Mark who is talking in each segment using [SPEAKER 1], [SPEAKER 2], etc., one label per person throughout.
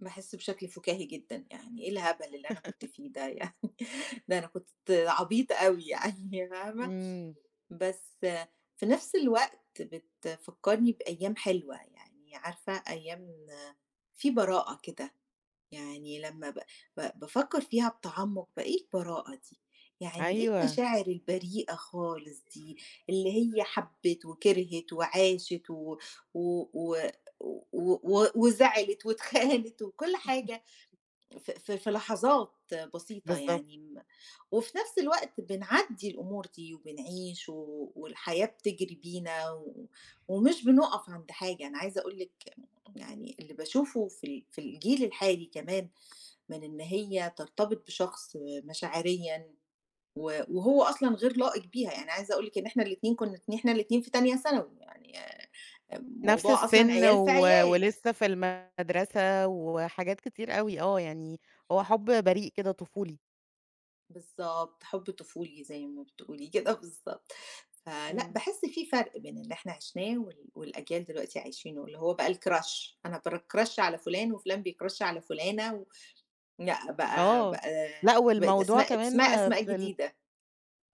[SPEAKER 1] باحِسّ بشكل فُكاهي جدًا يعني، إيه الهبل اللي أنا كنت فيه ده يعني؟ ده أنا كنت عبيطة أوي يعني فاهمة،
[SPEAKER 2] إمم.
[SPEAKER 1] بس في نفْس الوقت بتفكّرني بأيام حلوة، يعني عارفة أيام فيه براءة كده، يعني لمّا ب ب بافكر فيها بتعمُّق بقى، إيه البراءة دي؟ يعني إيه
[SPEAKER 2] أيوه.
[SPEAKER 1] المشاعر البريئة خالص دي؟ اللي هي حَبِت وكِرْهِت وعاشت و و و و و وزعلت واتخانت، وكُلّ حاجة، ف ف في لحظات بسيطة
[SPEAKER 2] بالضبط.
[SPEAKER 1] يعني، م وفي نفْس الوقت بنعدِّي الأمور دي وبنعيش و والحياة بتجري بينا، و ومش بنُقف عند حاجة، أنا عايزة أقول لِك يعني اللي باشوفُه في ال في الجيل الحالي كمان، من إن هي ترتبط بشخص آآ مشاعريًا، و وهو أصلًا غير لائق بيها، يعني عايزة أقول لِك إن إحنا الاتنين كنُا إن إحنا الاتنين في تانية ثانوي، يعني آآ آآ
[SPEAKER 2] نفْس
[SPEAKER 1] موضوع أصلًا
[SPEAKER 2] السِّن،
[SPEAKER 1] عيال في
[SPEAKER 2] و
[SPEAKER 1] عيال.
[SPEAKER 2] ولسه في المَدرسة وحاجات كتير أوي، آه، يعني هو حُبّ بريء كده طفولي.
[SPEAKER 1] بالضبط، حُبّ طفولي زي ما بتقولي كده بالضبط، فلأ،
[SPEAKER 2] إمم.
[SPEAKER 1] باحِسّ فيه فَرْق بين اللي إحنا عِشناه، وال والأجيال دلوقتي عايشينه، اللي هو بقى الCrush أنا بCrush على فٌلان، وفُلان بيCrush على فُلانة، و لأ، بقى
[SPEAKER 2] آه،
[SPEAKER 1] بقى
[SPEAKER 2] لأ،
[SPEAKER 1] بقت
[SPEAKER 2] والموضوع
[SPEAKER 1] أسماء ات
[SPEAKER 2] كمان
[SPEAKER 1] اسمها أسماء
[SPEAKER 2] في ال
[SPEAKER 1] جديدة.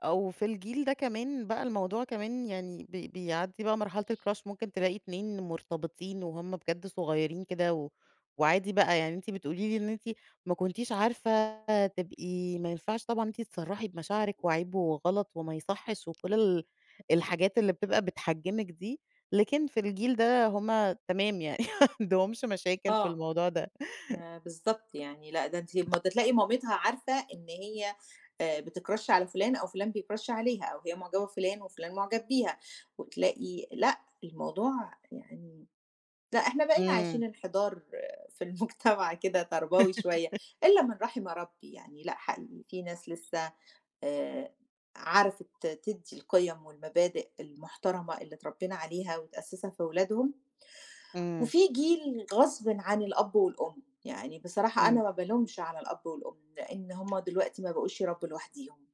[SPEAKER 2] أو في الجيل ده كمان، بقى الموضوع كمان يعني بي بيعدِّي بقى مرحلة الCrush ممكن تلاقي اتنين مُرتبطين وهُم بجد صُغيَّرين كده، و وعادي بقى، يعني أنتِ بتقولي لي إن أنتِ ما كنتيش عارفة تبقي ما ينفعش طبعًا أنتِ تصرَّحي بمشاعرِك وعيب وغلط وما يصحِّش، وكُلّ ال الحاجات اللي بتبقى بتحجِمِك دي، لكن في الجيل ده هُم تمام يعني ما عندهمش مشاكل في
[SPEAKER 1] آه،
[SPEAKER 2] الموضوع ده.
[SPEAKER 1] آآ بالضبط يعني لأ، ده أنتِ ده تلاقي مامتها عارفة إن هي آآ بتCrush على فُلان، أو فُلان بيCrush عليها، أو هي معجبة بفُلان، وفُلان مُعجب بيها، وتلاقي لأ، الموضوع يعني لأ، إحنا بقينا عايشين
[SPEAKER 2] إمم.
[SPEAKER 1] انحدار في المجتمع كده تربوي شوية، إلا من رحِم ربي يعني، لأ، حقيقي في ناس لسه آآ عرفت تدِّي القِيَم والمبادئ المُحترمة اللي اترَبِّينا عليها وتأسِّسها في ولادهم،
[SPEAKER 2] إمم.
[SPEAKER 1] وفي جيل غصبٍ عن الأب والأم، يعني بصراحة أنا
[SPEAKER 2] إمم.
[SPEAKER 1] ما بالومش على الأب والأم، لإن هُم دلوقتي ما بقُوش يربوا لوحديهم.